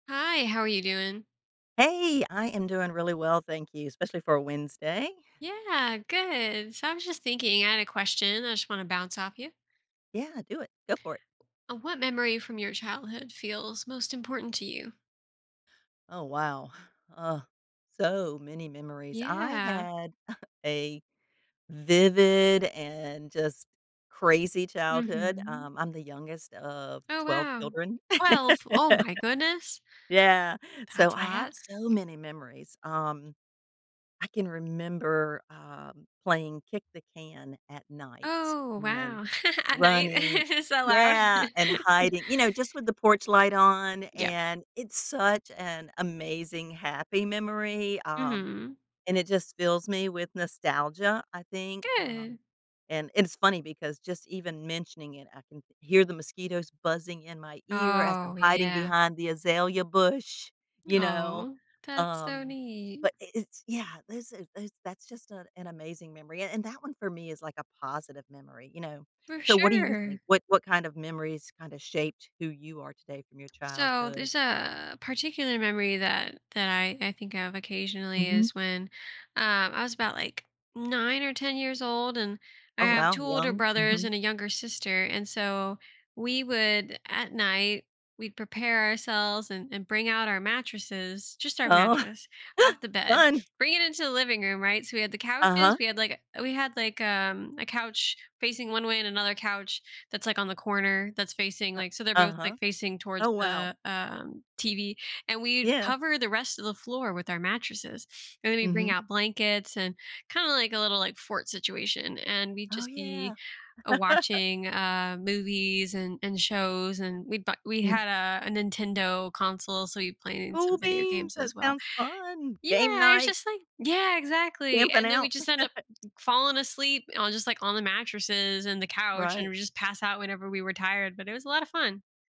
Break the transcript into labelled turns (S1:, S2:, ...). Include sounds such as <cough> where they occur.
S1: Hi, how are you doing?
S2: Hey, I am doing really well, thank you, especially for a Wednesday.
S1: Yeah, good. So, I was just thinking. I had a question I just wanna bounce off you.
S2: Yeah, do it. Go for it.
S1: What memory from your childhood feels most important to you?
S2: Oh, wow. Uh, so many memories. I
S1: Yeah.
S2: had <chuckles> a vivid and just crazy childhood.
S1: Mhm.
S2: Um, I'm the youngest of
S1: Oh,
S2: 12
S1: wow.
S2: children.
S1: 12! Oh
S2: <laughs>
S1: my goodness.
S2: Yeah, so,
S1: That's a
S2: I have
S1: lot.
S2: so many memories. Um, I can remember, um, playing kick the can at night
S1: Oh,
S2: and
S1: wow, <giggles> at night?
S2: running
S1: <giggles> It's so loud.
S2: yeah and
S1: <chuckles>
S2: hiding, you know, just with the porch light on,
S1: Yep.
S2: and it's such an amazing, happy memory, um,
S1: Mhm.
S2: and it just fills me with nostalgia. I think,
S1: Good.
S2: um and it's funny because just even mentioning it, I can hear the mosquitoes buzzing in my ear as I'm
S1: Oh,
S2: hiding
S1: yeah.
S2: behind the azalea bush, you know?
S1: Aw. That's so
S2: Um,
S1: neat.
S2: but i it's yeah, there's a there's that's just an an amazing memory, a and that one for me is, like, a positive memory, you know?
S1: For
S2: So, what do you
S1: sure.
S2: think? What what kind of memories kinda shaped who you are today from your
S1: So,
S2: childhood?
S1: there's a particular memory that that I I think of occasionally
S2: Mhm.
S1: is when, um, I was about, like, 9 or 10 years old, and, I
S2: Oh,
S1: have
S2: wow.
S1: 2 older
S2: Young.
S1: brothers
S2: Mhm.
S1: and a younger sister, and so, we would at night, we'd prepare ourselves and and bring out our mattresses just our
S2: Oh,
S1: mattress off the bed,
S2: fun.
S1: bring it into the living room, right? So, we had the couches,
S2: Uh-huh.
S1: we had, like, eh we had, like, um, a couch facing one way and another couch that's, like, on the corner that's facing,
S2: Uh
S1: like so they're both,
S2: uh-huh.
S1: like, facing towards
S2: Oh, wow.
S1: the, um, TV. And we'd
S2: Yeah.
S1: cover the rest of the floor with our mattresses, and then we'd bring
S2: Mhm.
S1: out blankets and kinda like a little, like, fort situation, and we'd
S2: Oh
S1: just
S2: yeah.
S1: be, uh,
S2: <laughs>
S1: watching, uh, movies and and shows, and we'd bought we
S2: Mm.
S1: had a a Nintendo console, so we played in some
S2: Cool
S1: video
S2: beans!
S1: games
S2: That
S1: as well.
S2: sounds fun. Game
S1: Yeah, it's
S2: night!
S1: just like Yeah, exactly,
S2: Camping
S1: and then we'd
S2: out.
S1: just end up
S2: <laughs>
S1: falling asleep on just, like, on the mattresses and the couch, and
S2: Right.
S1: we just passed out whenever we were tired, but it was a lot of fun.